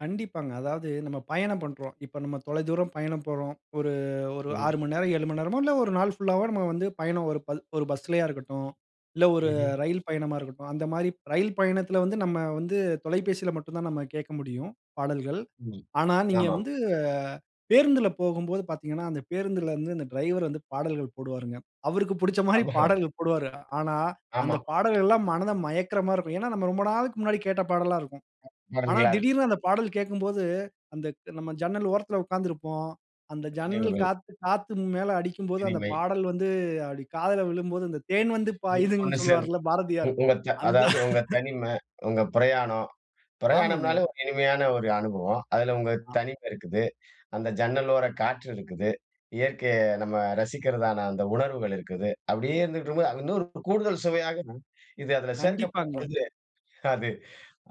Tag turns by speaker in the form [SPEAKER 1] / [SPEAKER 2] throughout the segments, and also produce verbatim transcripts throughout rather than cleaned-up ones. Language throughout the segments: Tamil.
[SPEAKER 1] கண்டிப்பாங்க. அதாவது நம்ம பயணம் பண்ணுறோம். இப்ப, நம்ம தொலை தூரம் பயணம் போறோம். ஒரு ஒரு
[SPEAKER 2] ம்ஹ்ம்.
[SPEAKER 1] ஆறு மணி நேரம், ஏழு மணி நேரமோ, இல்ல ஒரு நாள் புல்லாவோ, நம்ம வந்து பயணம், ஒரு ப ஒரு பஸ்லேயா இருக்கட்டும், இல்ல, ஒரு
[SPEAKER 2] ம்ஹ்ம்.
[SPEAKER 1] ரயில் பயணமா இருக்கட்டும், அந்த மாரி ரயில் பயணத்தில வந்து, நம்ம வந்து தொலைபேசியில மட்டும் தான், நம்ம கேட்க முடியும், பாடல்கள்.
[SPEAKER 2] ம்.
[SPEAKER 1] ஆனா, நீங்க
[SPEAKER 2] ஆமாம்.
[SPEAKER 1] வந்து பேருந்தில போகும்போது பார்த்தீங்கன்னா, அந்த பேருந்திலருந்து அந்த டிரைவரு வந்து பாடல்கள் போடுவாருங்க. அவருக்கு பிடிச்ச
[SPEAKER 2] [unintelligible]
[SPEAKER 1] மாரி
[SPEAKER 2] அப்டிதா.
[SPEAKER 1] பாடல்கள் போடுவாரு. ஆனா, அந்த
[SPEAKER 2] ஆமா.
[SPEAKER 1] பாடல்கள்லாம் மனத மயக்கிற மாரி இருக்கும். ஏன்னா, நாம் ரொம்ப நாளுக்கு முன்னாடி கேட்ட பாடல்லாம் இருக்கும். ஆனா,
[SPEAKER 2] [unintelligible]
[SPEAKER 1] திடீர்னு அந்த பாடல் கேட்கும்போது, அந்தக் நம்ம ஜன்னல் ஓரத்தில உட்கார்ந்திருப்போம். அந்த ஜன்னல்
[SPEAKER 2] நினைவுகள்.
[SPEAKER 1] காத்து காத் து மேல அடிக்கும்போது, அந்த
[SPEAKER 2] இனிமை.
[SPEAKER 1] பாடல் வந்து அப்டி காதில விழும்போது, அந்த "தேன் வந்து
[SPEAKER 2] ஒண்ணு
[SPEAKER 1] பாயுதுன்னு"
[SPEAKER 2] சேர்ந்து,
[SPEAKER 1] சொல்வாருல்ல
[SPEAKER 2] உ
[SPEAKER 1] பாரதியார்.
[SPEAKER 2] உங்க த
[SPEAKER 1] அந்த
[SPEAKER 2] அதாவது உங்க தனிமை, உங்க பிரயாணம்.
[SPEAKER 1] ஆமாங்க.
[SPEAKER 2] பிரயாணம்னாலே ஒரு இனிமையான ஒரு அனுபவம். அதில உங்க
[SPEAKER 1] ஆ.
[SPEAKER 2] தனிமை இருக்குது. அந்த ஜன்னலோர காற்று இருக்குது. இயற்கைய நம்ம ரசிக்கிறதான அந்த உணர்வுகள் இருக்குது. அப்படியே இருந்துகிட்டு இருக்கும்போது அது இன்னொரு கூடுதல் சுவையாகவும். இது அதில சேர்க்கப்படும்
[SPEAKER 1] கண்டிப்பாங்க.
[SPEAKER 2] பொழுது, அது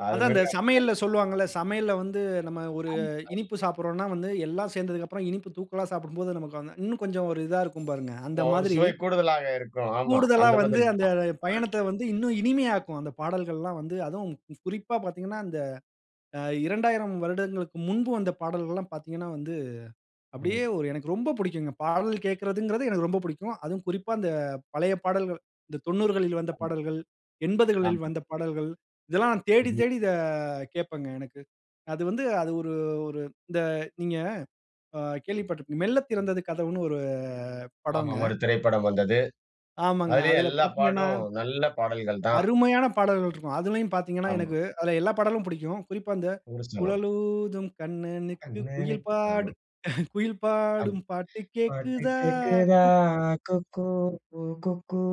[SPEAKER 2] அது
[SPEAKER 1] அதுதான்,
[SPEAKER 2] மிக அருமையாக
[SPEAKER 1] இந்த
[SPEAKER 2] [unintelligible]
[SPEAKER 1] சமையல்ல
[SPEAKER 2] இருக்கும்ங்க.
[SPEAKER 1] சொல்வாங்கல்ல. சமையல்ல வந்து, நம்ம ஒரு
[SPEAKER 2] ஆமாங்க.
[SPEAKER 1] இனிப்பு சாப்பிடுறோம்ன்னா, வந்து எல்லாம் சேர்ந்ததுக்கப்புறம் இனிப்பு தூக்கலா சாப்பிடும்போது, நமக்கு வந்து இன்னும் கொஞ்சம் ஒரு இதா இருக்கும், பாருங்க.
[SPEAKER 2] ஒ
[SPEAKER 1] அந்த
[SPEAKER 2] ஒரு
[SPEAKER 1] மாதிரி
[SPEAKER 2] சுவை கூடுதலாக இருக்கும். ஆமா.
[SPEAKER 1] கூடுதலா
[SPEAKER 2] அந்த
[SPEAKER 1] வந்து, அந்த
[SPEAKER 2] மாதிரிதான். ம்.
[SPEAKER 1] பயணத்த வந்து இன்னும் இனிமையாக்கும், அந்த பாடல்கள்லாம் வந்து. அதுவும் குறிப்பா பார்த்தீங்கன்னா, இந்த இரண்டாயிரம் வருடங்களுக்கு முன்பு வந்த பாடல்கள்லாம் பார்த்தீங்கன்னா, வந்து அப்படியே
[SPEAKER 2] ம்.
[SPEAKER 1] ஒரு எனக்கு ரொம்ப பிடிக்குங்க. பாடல் கேக்குறதுங்கிறது எனக்கு ரொம்ப பிடிக்கும். அதுவும் குறிப்பா, இந்த பழைய பாடல்கள். இந்த தொந்நூறு களில் வந்த
[SPEAKER 2] அதுவும்.
[SPEAKER 1] பாடல்கள், எம்பது களில்
[SPEAKER 2] ஆமாம்.
[SPEAKER 1] வந்த பாடல்கள், இதெல்லாம் நான் தேடி,
[SPEAKER 2] ம்ஹ்ம்.
[SPEAKER 1] தேடி இத கேட்பங்க, எனக்கு. அது வந்து, அது ஒரு ஒரு இந்த, நீங்க ஆ கேள்விப்பட்டிருப்பீங்க. "மெல்ல திறந்தது கதவுன்னு." ஒரு
[SPEAKER 2] ஆமா,
[SPEAKER 1] படம்ங்க.
[SPEAKER 2] ஒரு திரைப்படம் வந்தது.
[SPEAKER 1] ஆமாங்க.
[SPEAKER 2] அதுலயும்
[SPEAKER 1] அதில
[SPEAKER 2] எல்லா
[SPEAKER 1] பார்த்தீங்கன்னா
[SPEAKER 2] பாட்டும், நல்ல பாடல்கள் தான்.
[SPEAKER 1] அருமையான பாடல்கள் இருக்கும். அதிலையும் பார்த்தீங்கன்னா,
[SPEAKER 2] ஆமா.
[SPEAKER 1] எனக்கு அதில எல்லா பாடலும் பிடிக்கும். குறிப்பா அந்த
[SPEAKER 2] ஊருசனம்.
[SPEAKER 1] "குழலூதும் கண்ணனுக்கு
[SPEAKER 2] "கண்ணனை" ஆமா.
[SPEAKER 1] குயில்பாடும் குயில்
[SPEAKER 2] ஆமா.
[SPEAKER 1] பாடும் பாட்டு
[SPEAKER 2] "பாட்டு
[SPEAKER 1] கேக்குதா?
[SPEAKER 2] கேட்குதா
[SPEAKER 1] குக்"
[SPEAKER 2] குக்கூ குக்கூ"